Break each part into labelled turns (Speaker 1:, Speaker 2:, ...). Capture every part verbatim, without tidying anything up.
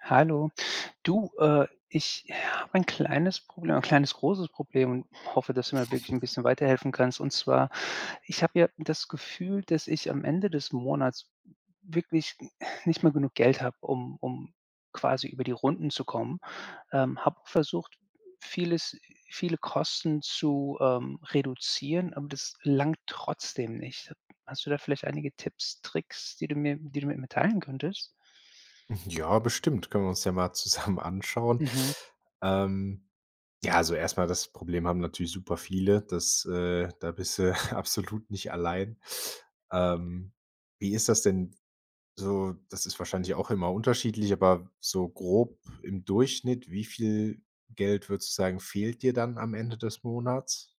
Speaker 1: Hallo. Du, äh, ich habe ein kleines Problem ein kleines großes Problem, und hoffe, dass du mir wirklich 'n bisschen weiterhelfen kannst. Und zwar, ich habe ja das Gefühl, dass ich am Ende des Monats wirklich n nicht mehr genug Geld habe, um um quasi über die Runden zu kommen. Ähm, habe versucht, vieles viele Kosten zu, ähm, reduzieren, aber das langt trotzdem nicht. Hast du da vielleicht einige Tipps, Tricks, die du mir die du mir mitteilen könntest?
Speaker 2: Hm, ja, bestimmt. Können wir uns ja mal zusammen anschauen.
Speaker 1: Mhm.
Speaker 2: Ähm, ja, also erstmal das Problem haben natürlich super viele, dass äh, da bist du absolut nicht allein. Ähm, wie ist das denn? So, das ist wahrscheinlich auch immer unterschiedlich, aber so grob im Durchschnitt, wie viel Geld, würdest du sagen, fehlt dir dann am Ende des Monats?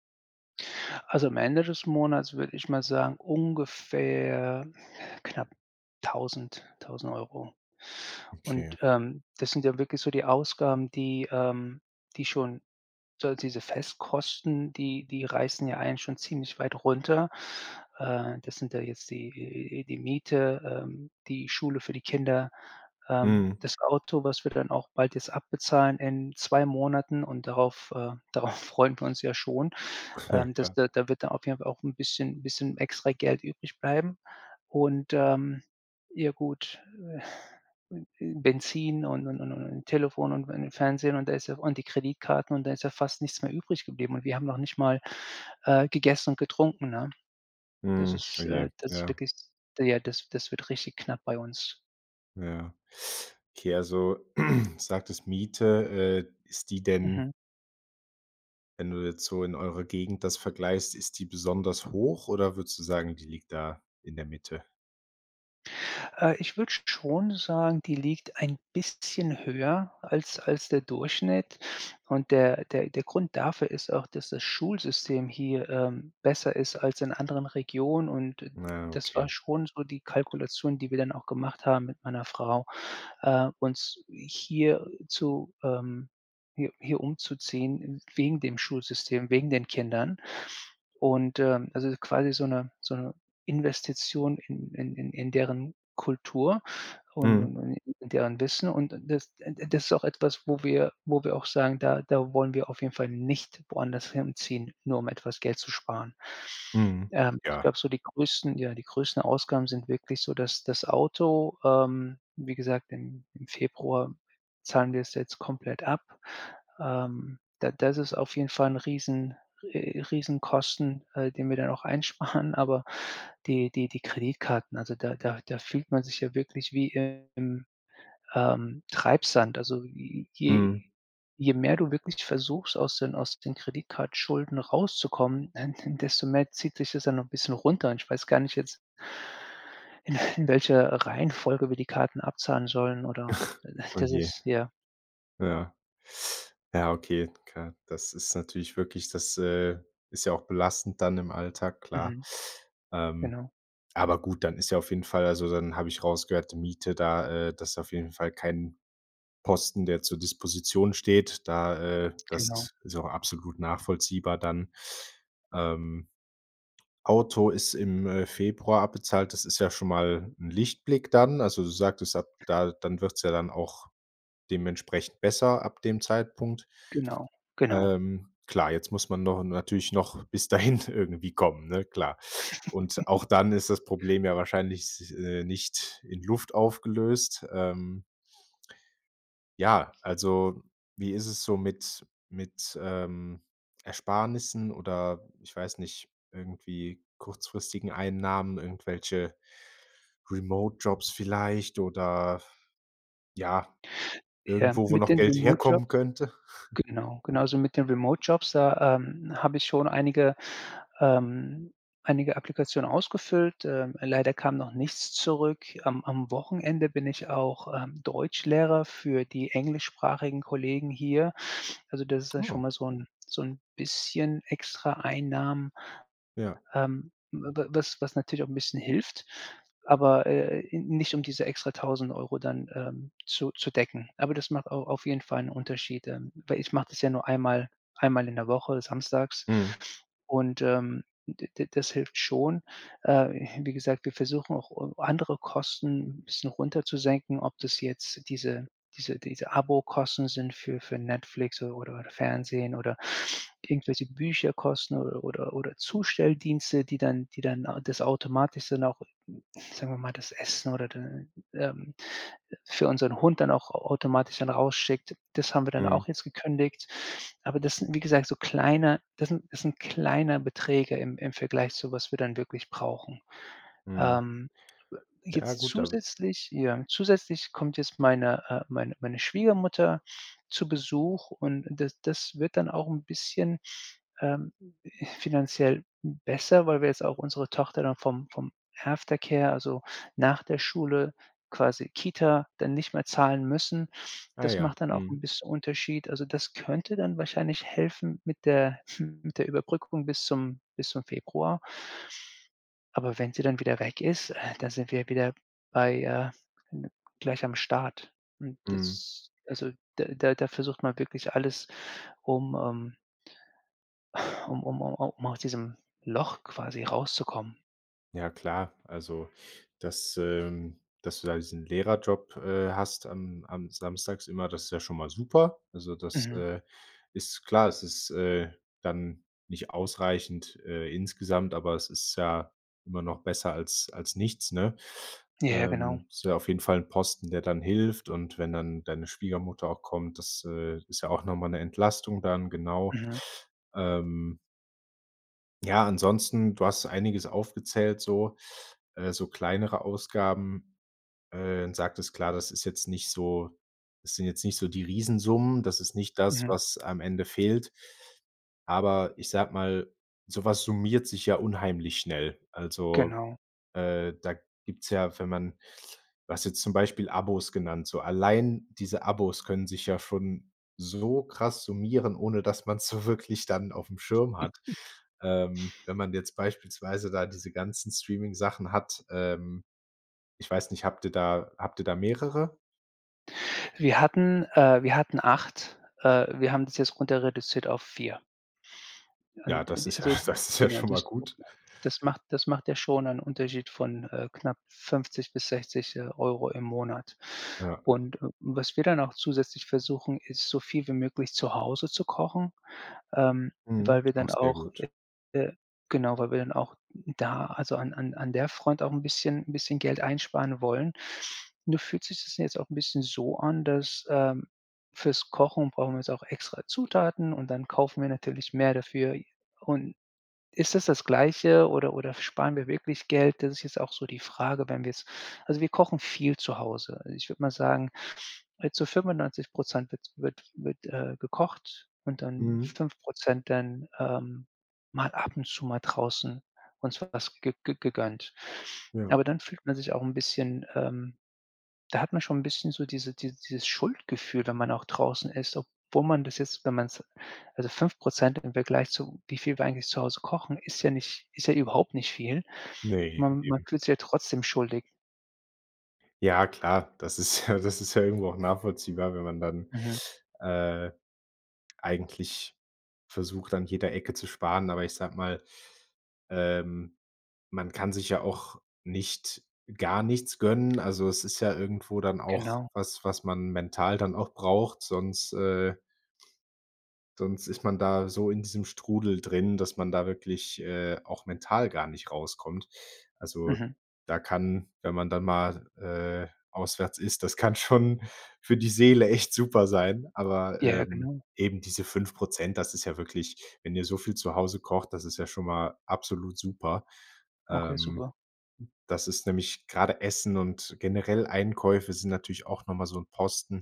Speaker 1: Also, am Ende des Monats würde ich mal sagen, ungefähr knapp tausend tausend Euro.
Speaker 2: Okay.
Speaker 1: Und, ähm, das sind ja wirklich so die Ausgaben, die ähm, die schon so halt diese Festkosten, die die reißen ja einen schon ziemlich weit runter. Äh, das sind da jetzt die die Miete, ähm, die Schule für die Kinder, ähm,
Speaker 2: Mhm.
Speaker 1: das Auto, was wir dann auch bald jetzt abbezahlen in zwei Monaten und darauf, äh, darauf freuen wir uns ja schon.
Speaker 2: Ja,
Speaker 1: Ähm, das
Speaker 2: klar.
Speaker 1: da da wird dann auf jeden Fall auch 'n bisschen 'n bisschen extra Geld übrig bleiben, und, ähm ja, gut. Äh äh hm, Benzin und und und und Telefon und wegen Fernsehen und da ist ja auch und die Kreditkarten und dann ist ja fast nichts mehr übrig geblieben. Und wir haben noch nicht mal, äh, gegessen und getrunken, ne? Das
Speaker 2: Mhm. Oh
Speaker 1: ist
Speaker 2: je,
Speaker 1: äh, das ist
Speaker 2: ja.
Speaker 1: wirklich ja, das das wird richtig knapp bei uns.
Speaker 2: Ja. Okay, also, sagtest Miete, äh, ist die denn
Speaker 1: Mhm.
Speaker 2: wenn du jetzt so in eurer Gegend das vergleichst, ist die besonders hoch, oder würdest du sagen, die liegt da in der Mitte?
Speaker 1: Äh, ich würde sch schon sagen, die liegt ein bisschen höher als als der Durchschnitt und der der der Grund dafür ist auch, dass das Schulsystem hier, ähm, besser ist als in anderen Regionen und d
Speaker 2: Ja,
Speaker 1: das
Speaker 2: okay.
Speaker 1: war schon so die Kalkulation, die wir dann auch gemacht haben mit meiner Frau. Äh, uns hier zu, ähm hi hier umzuziehen wegen dem Schulsystem, wegen den Kindern. Und, ähm, also, quasi so 'ne so 'ne Investition in in in in deren Kultur und
Speaker 2: Mhm.
Speaker 1: und und in deren Wissen und d das äh, d das ist auch etwas, wo wir wo wir auch sagen, da da wollen wir auf jeden Fall nicht woanders hinziehen, nur um etwas Geld zu sparen.
Speaker 2: Mhm.
Speaker 1: Ähm, ich
Speaker 2: Ja.
Speaker 1: glaube so die größten ja, die größten Ausgaben sind wirklich so, das das Auto, ähm, wie gesagt, im im Februar zahlen wir es jetzt komplett ab. Ähm, da das ist auf jeden Fall 'n Riesen äh, Riesenkosten, äh, den wir dann auch einsparen, aber die die die Kreditkarten, also, da da da fühlt man sich ja wirklich wie im, ähm, Treibsand, also, j je
Speaker 2: Mhm.
Speaker 1: je mehr du wirklich versuchst, aus den aus den Kreditkartenschulden rauszukommen, denn denn desto mehr zieht dich das dann noch 'n bisschen runter und ich weiß gar nicht jetzt in welcher Reihenfolge wir die Karten abzahlen sollen, oder
Speaker 2: Oh,
Speaker 1: das
Speaker 2: je.
Speaker 1: ist ja.
Speaker 2: Ja. Ja, okay, klar. Das ist natürlich wirklich, das, äh, ist ja auch belastend dann im Alltag, klar.
Speaker 1: Mhm.
Speaker 2: Ähm,
Speaker 1: Genau.
Speaker 2: aber gut, dann ist ja auf jeden Fall also dann habe ich rausgehört, die Miete da äh, das auf jeden Fall kein Posten, der zur Disposition steht, da äh, das
Speaker 1: Genau.
Speaker 2: is ist auch absolut nachvollziehbar, dann, ähm, Auto ist im, äh, Februar abbezahlt. Das ist ja schon mal 'n Lichtblick dann. Also, du sagtest ab, da dann wird's ja dann auch dementsprechend besser ab dem Zeitpunkt.
Speaker 1: Genau, genau.
Speaker 2: Ähm, klar, jetzt muss man no natürlich noch bis dahin irgendwie kommen, ne, klar. Und auch dann ist das Problem ja wahrscheinlich, äh, nicht in Luft aufgelöst, ähm Ja, also, wie ist es so mit mit, ähm, Ersparnissen oder ich weiß nicht, irgendwie kurzfristigen Einnahmen, irgendwelche Remote-Jobs vielleicht, oder, ja,
Speaker 1: Ja,
Speaker 2: irgendwo, wo
Speaker 1: mit
Speaker 2: noch
Speaker 1: den
Speaker 2: Geld herkommen
Speaker 1: Remote-Jobs
Speaker 2: könnte?
Speaker 1: genau, genau. Also, mit den Remote-Jobs da, ähm, habe ich schon einige ähm, einige Applikationen ausgefüllt, ähm, leider kam noch nichts zurück. Am am Wochenende bin ich auch, ähm, Deutschlehrer für die englischsprachigen Kollegen hier. Also, das ist ja schon
Speaker 2: Oh.
Speaker 1: mal so 'n so 'n bisschen extra Einnahmen.
Speaker 2: Ja.
Speaker 1: Ähm, wa wa was was natürlich auch 'n bisschen hilft, aber, äh, nicht, um diese extra tausend Euro dann, ähm, zu zu decken. Aber das macht au auf jeden Fall 'n Unterschied, ähm, weil ich mache das ja nur einmal einmal in der Woche samstags
Speaker 2: Mhm.
Speaker 1: und, ähm, d d das hilft schon. Äh, wie gesagt, wir versuchen auch, äh, andere Kosten 'n bisschen runter zu senken, ob das jetzt diese diese diese Abokosten sind für für Netflix o oder Fernsehen oder irgendwelche Bücherkosten oder oder oder Zustelldienste, die dann die dann das automatis dann auch, sagen wir mal, das Essen oder d ähm, für unseren Hund dann auch a automatisch dann rausschickt. Das haben wir dann
Speaker 2: Mhm.
Speaker 1: auch jetzt gekündigt. Aber das sind, wie gesagt, so kleine das sind das sind kleine Beträge im im Vergleich zu was wir dann wirklich brauchen.
Speaker 2: Mhm.
Speaker 1: Ähm,
Speaker 2: Ja,
Speaker 1: jetzt
Speaker 2: gut, da w
Speaker 1: zusätzlich ja, zusätzlich kommt jetzt meine äh, meine meine Schwiegermutter zu Besuch und d das das wird dann auch 'n bisschen, ähm, finanziell besser, weil wir jetzt auch unsere Tochter dann vom vom Aftercare, also nach der Schule quasi Kita dann nicht mehr zahlen müssen.
Speaker 2: Ah
Speaker 1: Das
Speaker 2: ja.
Speaker 1: macht dann auch
Speaker 2: Mhm.
Speaker 1: 'n bisschen Unterschied. Also, das könnte dann wahrscheinlich helfen mit der mit der Überbrückung bis zum bis zum Februar. Aber wenn sie dann wieder weg ist, äh, dann sind wir wieder bei, äh gleich am Start. Hm,
Speaker 2: Mhm.
Speaker 1: das also, da da da versucht man wirklich alles um, ähm Um um um um aus diesem Loch quasi rauszukommen.
Speaker 2: Ja klar. Also, das, ähm dass du da diesen Lehrerjob, äh, hast am am samstags immer. Das ist ja schon mal super. Also, das,
Speaker 1: Mhm.
Speaker 2: äh, ist klar. Das ist, äh, dann nicht ausreichend, äh, insgesamt. Aber es ist ja immer noch besser als als nichts, ne?
Speaker 1: Ja, ja, genau.
Speaker 2: Ähm, ist ja auf jeden Fall 'n Posten, der dann hilft. Und wenn dann deine Schwiegermutter auch kommt. Das, äh, ist ja auch noch mal 'ne Entlastung dann, genau.
Speaker 1: Mhm.
Speaker 2: Ähm ja, ansonsten, du hast einiges aufgezählt, so, äh, so kleinere Ausgaben, äh, sagtest klar, das ist jetzt nicht so das sind jetzt nicht so die Riesensummen, das ist nicht das,
Speaker 1: Mhm.
Speaker 2: was am Ende fehlt. Aber ich sage mal, sowas summiert sich ja unheimlich schnell. Also,
Speaker 1: Genau.
Speaker 2: äh, da gibt's ja, wenn man du hast jetzt zum Beispiel Abos genannt, so allein diese Abos können sich ja schon so krass summieren, ohne dass man's so wirklich dann aufm Schirm hat, ähm, wenn man jetzt beispielsweise da diese ganzen Streaming-Sachen hat, ähm, ich weiß nicht, habt ihr da habt ihr da mehrere?
Speaker 1: Wir hatten äh, wir hatten acht, äh wir haben das jetzt runter reduziert auf vier.
Speaker 2: Ja,
Speaker 1: Und
Speaker 2: das
Speaker 1: und
Speaker 2: ist ja
Speaker 1: also, g
Speaker 2: das ist ja
Speaker 1: genau,
Speaker 2: schon mal
Speaker 1: das das
Speaker 2: gut.
Speaker 1: das macht das macht ja schon einen Unterschied von, äh, knapp fünfzig bis sechzig, äh, Euro im Monat.
Speaker 2: Ja.
Speaker 1: Und, äh, was wir dann auch zusätzlich versuchen, ist so viel wie möglich zu Hause zu kochen, ähm, weil
Speaker 2: Mhm.
Speaker 1: wir
Speaker 2: Auch
Speaker 1: dann
Speaker 2: sehr
Speaker 1: auch
Speaker 2: gut.
Speaker 1: äh, äh, genau, weil wir dann auch da, also, an an an der Front auch 'n bisschen 'n bisschen Geld einsparen wollen. Nur fühlt sich das jetzt auch 'n bisschen so an, dass, ähm, fürs Kochen brauchen wir jetzt auch extra Zutaten und dann kaufen wir natürlich mehr dafür. Und ist das, das Gleiche oder oder sparen wir wirklich Geld? Das ist jetzt auch so die Frage, wenn wir jetzt also, wir kochen viel zu Hause. Äh, ich würde mal sagen, äh zu fünfundneunzig Prozent wird wird wird, äh, gekocht und dann
Speaker 2: Mhm.
Speaker 1: fünf Prozent dann, ähm, mal ab und zu mal draußen uns was ge ge gegönnt.
Speaker 2: Ja.
Speaker 1: Aber dann fühlt man sich auch 'n bisschen, ähm da hat man schon 'n bisschen so diese die dieses Schuldgefühl, wenn man auch draußen isst, obwohl man das jetzt, wenn man's also, fünf Prozent im Vergleich zu wie viel wir eigentlich zu Hause kochen, ist ja nicht ist ja überhaupt nicht viel.
Speaker 2: Ne,
Speaker 1: Man man
Speaker 2: eben.
Speaker 1: fühlt sich halt trotzdem schuldig.
Speaker 2: Ja, klar. Das ist ja das ist ja irgendwo auch nachvollziehbar, wenn man dann,
Speaker 1: Mhm.
Speaker 2: äh, eigentlich versucht, an jeder Ecke zu sparen. Aber ich sage mal, ähm, man kann sich ja auch nicht, gar nichts gönnen. Also, es ist ja irgendwo dann auch
Speaker 1: Genau.
Speaker 2: was, was man mental dann auch braucht, sonst äh sonst ist man da so in diesem Strudel drin, dass man da wirklich, äh, auch mental gar nicht rauskommt. Also,
Speaker 1: Mhm.
Speaker 2: da kann wenn man dann mal, äh, auswärts isst, das kann schon für die Seele echt super sein, aber,
Speaker 1: Ja,
Speaker 2: ähm,
Speaker 1: genau.
Speaker 2: eben diese fünf Prozent das ist ja wirklich wenn ihr so viel zu Hause kocht, das ist ja schon mal absolut super.
Speaker 1: Okay,
Speaker 2: Ähm,
Speaker 1: super.
Speaker 2: das ist nämlich gerade Essen und generell Einkäufe sind natürlich auch nochmal so 'n Posten,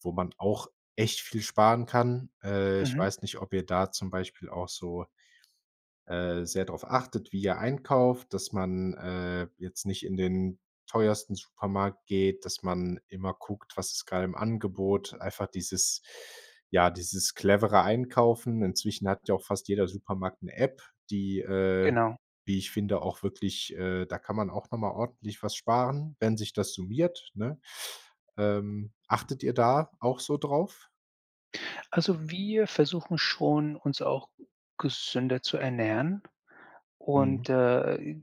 Speaker 2: wo man auch echt viel sparen kann. Äh, ich
Speaker 1: Mhm.
Speaker 2: weiß nicht, ob ihr da zum Beispiel auch so, äh, sehr drauf achtet, wie ihr einkauft, dass man, äh, jetzt nicht in den teuersten Supermarkt geht, dass man immer guckt, was ist gerade im Angebot einfach dieses ja, dieses clevere Einkaufen. Inzwischen hat ja auch fast jeder Supermarkt 'ne App, die, äh,
Speaker 1: Genau.
Speaker 2: wie ich finde auch wirklich, äh da kann man auch noch mal ordentlich was sparen, wenn sich das summiert, ne? Ähm, achtet ihr da auch so drauf?
Speaker 1: Also, wir versuchen schon, uns auch gesünder zu ernähren
Speaker 2: Mhm.
Speaker 1: und, äh,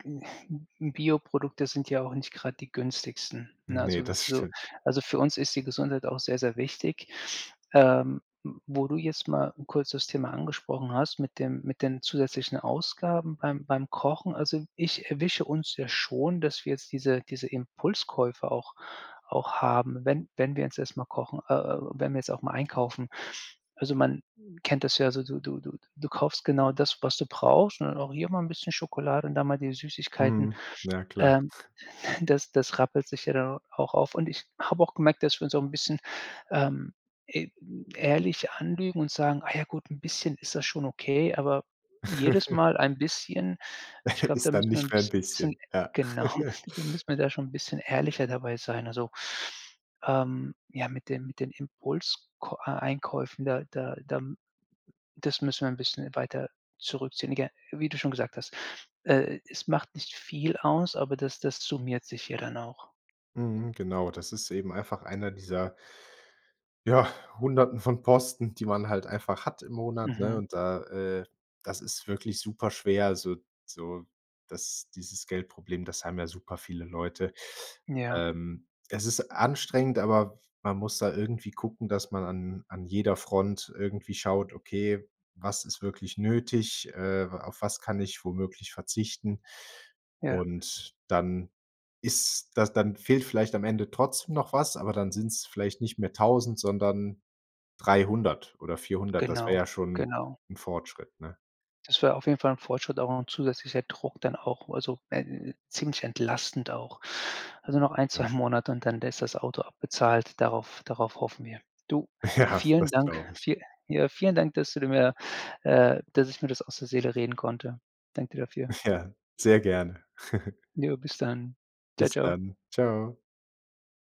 Speaker 1: Bioprodukte sind ja auch nicht gerade die günstigsten ne?
Speaker 2: Ne,
Speaker 1: Also
Speaker 2: das
Speaker 1: so
Speaker 2: stimmt.
Speaker 1: also für uns ist die Gesundheit auch sehr, sehr wichtig. Ähm. Wo du jetzt mal kurz das Thema angesprochen hast, mit dem mit den zusätzlichen Ausgaben beim beim Kochen. Also ich erwische uns ja schon, dass wir jetzt diese diese Impulskäufe auch auch haben, wenn wenn wir jetzt erstmal mal kochen, äh äh, wenn wir's auch mal einkaufen. Also, man kennt das ja, so du du du du kaufst genau das, was du brauchst, und auch hier mal 'n bisschen Schokolade und da mal die Süßigkeiten.
Speaker 2: Mhm. Ja, klar.
Speaker 1: Ähm, das das rappelt sich ja dann auch auf. Und ich habe auch gemerkt, dass wir uns auch 'n bisschen, ähm, e ehrlich anlügen und sagen: „Ah ja gut, 'n bisschen ist das schon okay,“ aber jedes Mal ein bisschen ich glaube, da
Speaker 2: Ist dann
Speaker 1: müssen wir 'n
Speaker 2: nicht mehr' n
Speaker 1: bisschen bisschen
Speaker 2: bisschen, ja.
Speaker 1: genau, da müssen wir da schon 'n bisschen ehrlicher dabei sein also, ähm, ja, mit den mit den Impuls k äh, Einkäufen, da da da das müssen wir 'n bisschen weiter zurückziehen [unintelligible] wie du schon gesagt hast, äh, es macht nicht viel aus, aber das das summiert sich ja dann auch.
Speaker 2: Mhm, genau. Das ist eben einfach einer dieser ja, hunderten von Posten, die man halt einfach hat im Monat, ne,
Speaker 1: Mhm.
Speaker 2: und da, äh das ist wirklich super schwer, also, so das dieses Geldproblem, das haben ja super viele Leute.
Speaker 1: Ja.
Speaker 2: Ähm, es ist anstrengend, aber man muss da irgendwie gucken, dass man an an jeder Front irgendwie schaut: „Okay, was ist wirklich nötig, äh, wa auf was kann ich womöglich verzichten.“
Speaker 1: Ja.
Speaker 2: Und dann ist das dann fehlt vielleicht am Ende trotzdem noch was, aber dann sind's vielleicht nicht mehr tausend, sondern dreihundert oder vierhundert, das wäre
Speaker 1: Genau,
Speaker 2: ja schon
Speaker 1: genau.
Speaker 2: 'n Fortschritt, ne?
Speaker 1: Das wäre auf jeden Fall 'n Fortschritt, aber auch 'n zusätzlicher Druck dann auch, also wenn ziemlich entlastend auch. Also noch ein,
Speaker 2: Ja.
Speaker 1: zwei Monate und dann ist das Auto abbezahlt. Darauf darauf hoffen wir. Du,
Speaker 2: Ja,
Speaker 1: vielen
Speaker 2: das
Speaker 1: Dank,
Speaker 2: glaube ich.
Speaker 1: viel ja, vielen Dank, dass du die mir, äh dass ich mir das aus der Seele reden konnte. Danke dir dafür.
Speaker 2: Ja, sehr gerne.
Speaker 1: Jo, bis dann. Tschau,
Speaker 2: Bis
Speaker 1: tschau.
Speaker 2: dann, tschau.